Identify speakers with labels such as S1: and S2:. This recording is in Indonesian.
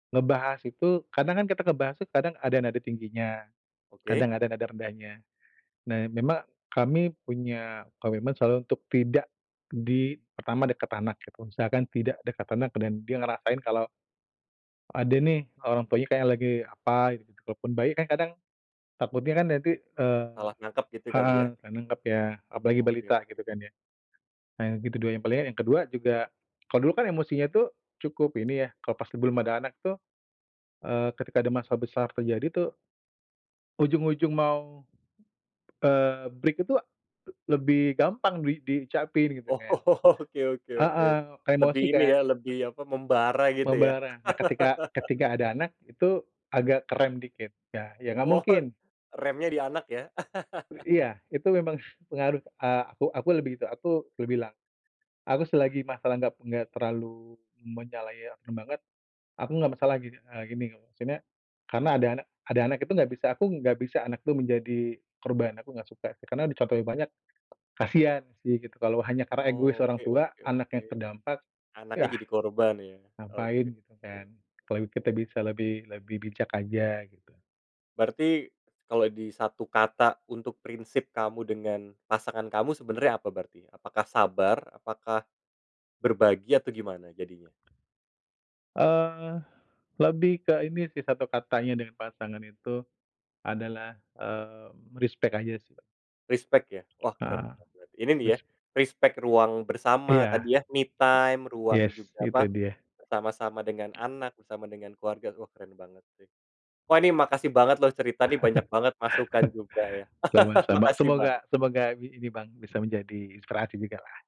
S1: Ngebahas itu kadang kan kita ngebahas itu kadang ada nada tingginya,
S2: Oke.
S1: kadang ada nada rendahnya. Nah, memang kami punya komitmen selalu untuk tidak di pertama dekat anak gitu. Misalkan tidak dekat anak, dan dia ngerasain kalau ada nih, orang tuanya kayak lagi apa gitu. Walaupun bayi kan kadang takutnya kan nanti, eee
S2: Salah nangkep gitu kali
S1: heeh,
S2: ya?
S1: nggak nangkap ya. Apalagi
S2: Oke.
S1: balita gitu kan ya. Nah yang kedua yang paling, eee, yang kedua juga, kalau dulu kan emosinya itu cukup ini ya, kalau pas belum ada anak tuh, eee, ketika ada masalah besar terjadi tuh, ujung-ujung mau, eee, break itu lebih gampang di diucapin gitu
S2: Oh.
S1: kan.
S2: Oke oke oke.
S1: Heeh. Kayak
S2: Lebih
S1: emosi
S2: ini
S1: kan?
S2: ya, lebih
S1: Eee.
S2: apa, membara gitu ya?
S1: Membara. Nah ketika ketika ada anak itu agak kerem dikit ya. Ya nggak
S2: Oh,
S1: mungkin.
S2: remnya di anak ya.
S1: I iya, itu memang pengaruh, eee, aku aku lebih itu, aku dah bilang. Aku selagi masalah nggak nggak terlalu menyalahikan banget, aku enggak masalahin, eee, gini, maksudnya karena ada
S2: Mhm.
S1: anak ada anak itu nggak bisa aku nggak bisa anak itu menjadi korban. Aku nggak suka. Karena di contoh yang banyak, kasihan sih gitu, kalau hanya karena egois
S2: Oh,
S1: orang
S2: oke
S1: tua,
S2: oke oke.
S1: anaknya terdampak,
S2: Anaknya
S1: ya
S2: jadi korban ya.
S1: ngapain
S2: Oke
S1: gitu kan?
S2: oke.
S1: Kalau kita bisa lebih lebih bijak aja gitu.
S2: Berarti kalau di 1 kata untuk prinsip kamu dengan pasangan kamu sebenarnya apa berarti? Apakah "sabar," apakah "berbagi," atau gimana jadinya?
S1: Eee, lebih ke ini sih satu katanya dari pasangan itu adalah, eee, respect aja sih.
S2: Respect ya? Wah, keren
S1: Heeh,
S2: banget! Ini nih ya
S1: bes
S2: respect ruang bersama
S1: Iya.
S2: tadi ya, me time, ruang
S1: Yes,
S2: juga,
S1: itu
S2: apa,
S1: dia.
S2: bersama-sama dengan anak, bersama dengan keluarga, wah keren banget! Wah ini makasih banget loh cerita nih banyak banget masukan juga ya.
S1: Sama-sama.
S2: Makasih, Bang.
S1: Semoga semoga bi ini, Bang, bisa menjadi inspirasi jugalah.